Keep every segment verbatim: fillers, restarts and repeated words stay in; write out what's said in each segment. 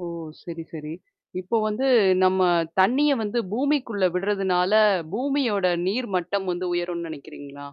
ஓ! சரி, சரி. இப்போ வந்து நம்ம தண்ணிய வந்து பூமிக்குள்ள விடுறதுனால பூமியோட நீர் மட்டம் வந்து உயரும்னு நெனைக்கிறீங்களா?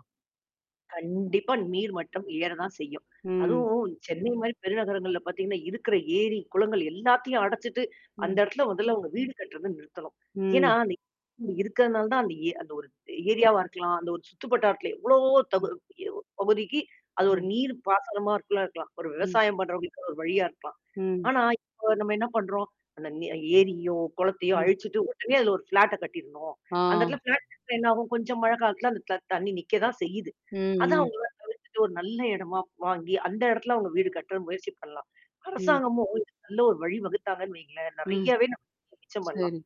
கண்டிப்பா நீர் மட்டம் ஏறதான் செய்யும். ம். அதுவும் சென்னை மாரி பெருநகரங்கள்ல பார்த்தீங்கன்னா, இருக்குற ஏரி, குளங்கள் எல்லாத்தையும் அடச்சுட்டு அந்த ம். இடத்துல முதல்ல அவங்க வீடு கட்டுறந்து நிறுத்தணும். ஏனா, ம். இடம் இருக்கிறதுனால தான் அந்த ஏ அந்த ஒரு ஏரியாவா இருக்கலாம். அந்த ஒரு சுத்துப்பட்டார்த்துல எவ்வளவோ தகு ம். எ பகுதிக்கு அது ஒரு ம். நீர் பாசனமா இருக்குள்ளா இருக்கலாம். ஒரு ம். விவசாயம் பண்றவங்களுக்குான ஒரு வழியா இருக்கலாம். ம். ஆனா, இப்போ நம்ம என்ன பண்ணறோம், அந்த நெ ஏரியோ, குளத்தையோ ம். அழிச்சுட்டு உடனே அது ஒரு ஃப்ளாட்ட கட்டிருணும். அந்த ஆ. இடத்துல ஃப்ளாட்ட இருந்தா என்ன ஆாகும். கொஞ்சம் மழை காலத்தில அந்த த தண்ணி நிக்க தான் செய்யுது. ம் அதான் ம். அவங்க தவிர்த்துட்டு ஒரு நல்ல எடமா வாங்கி அந்த இடத்துல அவங்க வீடு கட்டுற முயற்சி பண்ணலாம். ம். அரசாங்கமும் இதுக்கு ஒரு நல்ல ஒரு வழி வகுத்தாங்கன்னு வைங்களேன். ம். நெறையாவே நம்ம மிச்ச பண்லாம். சரி,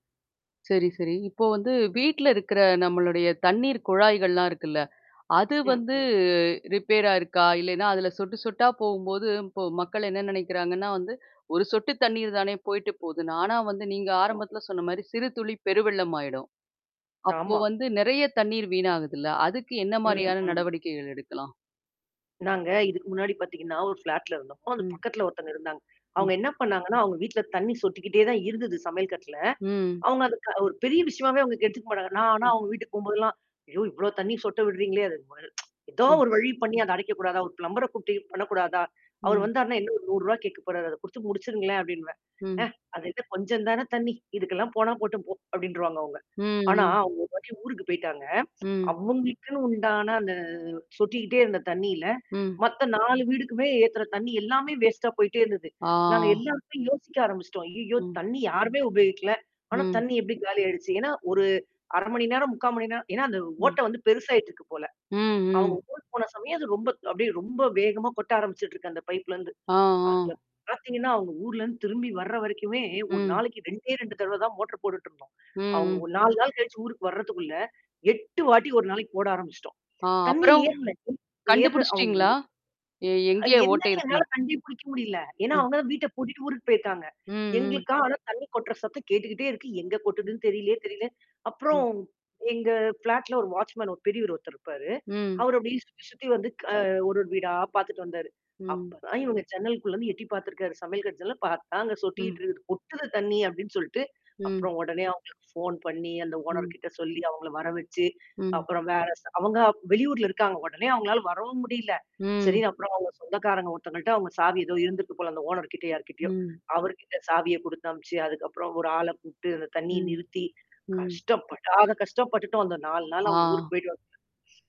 சரி, சரி. இப்போ வந்து வீட்ல இருக்குற நம்மளுடைய தண்ணீர் குழாய்கள்லாம் இருக்குல்ல? அது ம் வந்து ம். ரிப்பேர் ஆருக்கா? இல்லைன்னா, அதுல சொட்டு சொட்டா போம்போது இப்போ மக்கள் என்ன நெனைக்கிறாங்கன்னா, வந்து ஒரு சொட்டு தண்ணீர் தானே போயிடு போது. நானா வந்து நீங்க ஆம். ஆரம்பத்தில சொன்ன மாரி "சிறுதுளி பெருவெள்ளமாயிடும்." அப்போ ஆமா. வந்து நெறைய தண்ணீர் வீணாகுதுல்ல? அதுக்கு என்ன ம், மாரியான ம். நடவடிக்கைகள் எடுக்கலாம்? நாங்க இதுக்கு முன்னாடி பார்த்தீங்கன்னா, ஒரு ஃப்ளாட்ல இருந்தோம். அது ம். பக்கத்தல ஒருத்தவங்க இருந்தாங்க. அவங்க ம். என்ன பண்ணாங்கன்னா, அவங்க வீட்ல தண்ணீ சொட்டிக்கிட்டே தான் இருந்தது சமையல் கட்ல. ம். அவங்க அது க ஒரு பெரிய விஷயமாவே அங்க எடுத்துக்க மாட்டாங்க. நான் ஆனா ம். அவங்க வீட்டுக்கு போம்போதெல்லாம், ஐயோ! இவ்வளோ தண்ணீ சொட்ட விடுறீங்களே அதுக்கு ம ஏதோ ம். ஒரு வழி பண்ணி அத அடைக்கக்கூடாதா. ஒரு பிளம்பர கூப்பட்டு பண்ணக்கூடாதா. அவர் ம். வந்தார்ன்னா என்ன நூறுவா கேட்கப்போபறாரு. அத குடுத்து முடிச்சுருங்களேன் அப்டின்னுவேன். ஆ ம். அது இல்ல கொஞ்சம் தானே தண்ணீ. இதுக்கெல்லாம் போனா போட்ட போ அப்டின்னருவாங்க அவங்க. ம் ஆனா, ம். அவங்க ஒரு வாட்டி ஊருக்கு போய்ட்டாங்க. ம். அவங்களுக்குன்னு உண்டான அந்த சொட்டிக்கிட்டே இருந்த தண்ணீல. ம். மத்த நாலு வீடுக்குமே ஏத்துற தண்ணீ எல்லாமே வேஸ்ட்டா போயி்டே இருந்தது. நாங்க ஆ. எல்லாருக்குமே யோசிக்க ஆரம்பிச்சுட்டோம். ஐய்யோ! ம். தண்ணி யாருமே உபயோகிக்கல. ஆனா ம். தண்ணி எப்படி காலிய ஆயிடுச்சு. ஏன்னா, ஒரு அர மணி நேரம், முக்கா மணி நேரம் ஏன்னா, அந்த ம். ஓட்டை வந்து பெருசாயிட்டுருக்கு போல. ம், அவங்க ம். போன சமயம் அது ரொம்ப அப்டியே ரொம்ப வேகமா கொட்ட ஆரம்பிச்சுட்டுருக்கு. அந்த பைப்லருந்து. ஆ, ஆ. அதுல பார்த்தீங்கன்னா, அவங்க ஊர்லேருந்து திரும்பி வர வரைக்குமே ஒரு ம். நாளைக்கு ரெண்டே ரெண்டு தடவ தான் மோட்டர் போட்டுட்டுருப்போம். ம் அவங்க ம். ஒரு நாலு நாள் கழிச்சு ஊருக்கு வரதுக்குள்ள எட்டு வாட்டி ஒரு நாளைக்கு போட ஆரம்பிச்சுட்டோம். ஆ தண்ணீ அப்புறம். ஏறுல ஏறுற அவங்க கண்டுபிடிச்சுட்டீங்களா? எ ஊ எங்கே ஓட்டை என்னன்னு இருக்குன்னு? என்னால கண்டே புடிக்க முடியல. ஏன்னா ம். அவங்க தான் வீட்ட பூட்டிட்டு ஊருக்கு போயிருக்காங்க. ம் ம். எங்களுக்கா, ஆனா தண்ணி கொட்டுற சத்தம் கேட்டுக்கிட்டே இருக்கு. எங்க ம். கொட்டுதுன்னு தெரியலயே தெரியல. ம். அப்புறம். எங்க ஃப்ளாட்ல ஒரு வாட்ச்மேன் ஒரு பெரியரு ஒருத்தர் இருப்பாரு. ம். அவரு அப்படியும் சுத்தி சுத்தி வந்து க ஒரு ஒரு வீடா பார்த்துட்டு வந்தாரு. ம். அப்பதான் இவங்க சென்னலுக்குள்ளேருந்து எட்டி பார்த்துருக்காரு. சமையல் கட்டு ஜன்னல்ல பார்த்தா, அங்க ம். சொட்டிட்டு இருக்கு. கொட்டுது தண்ணி அப்டின்னு சொல்ட்டு. ம். அப்புறம் உடனே அவங்களுக்கு ஃபோன் பண்ணி அந்த ம். ஓனர்கிட்ட சொல்லி அவங்கள வர வச்சு, ம். அப்புறம் வேற அவங்க வெளியூர்ல இருக்காங்க உடனே அவங்களால வரவும் முடியில. ம். சரின்னு அப்புறம் அவவுங்க சொந்தக்காரங்க ஒருத்தங்கள்ட்ட அவுங்க சாவி ஏதோ இருந்துக்கு போல அந்த ஓனர்கிட்ட யார்கிட்டயோ, ம். அவர்கிட்ட சாவிய குடுத்த அனுபிச்சு அதுக்கப்புறம் ஒரு ஆள கூப்பட்டு அந்த தண்ணீய ம். நிறுத்தி ம். கஷ்ட்டப்படாத படாத கஷ்டோம் பட்டுட்டோம் வந்த நாலு நாள் ஆ. அவங்க ஊருக்கு போய்ட்டு வர்றதுக்குள்ள.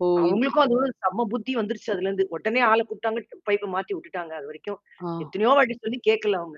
ஓ. இந் அவங்களுக்கும் அதோட சம்ம புத்தி வந்துருச்சு அதுலேருந்து. உடனே ஆள கூப்ட்டாங்க, பைப்ப மாத்தி உட்டுட்டாங்க அதுவரைக்கும். ஆ. எத்தனையோ வாட்டி சொல்லி கேட்கல அவங்க.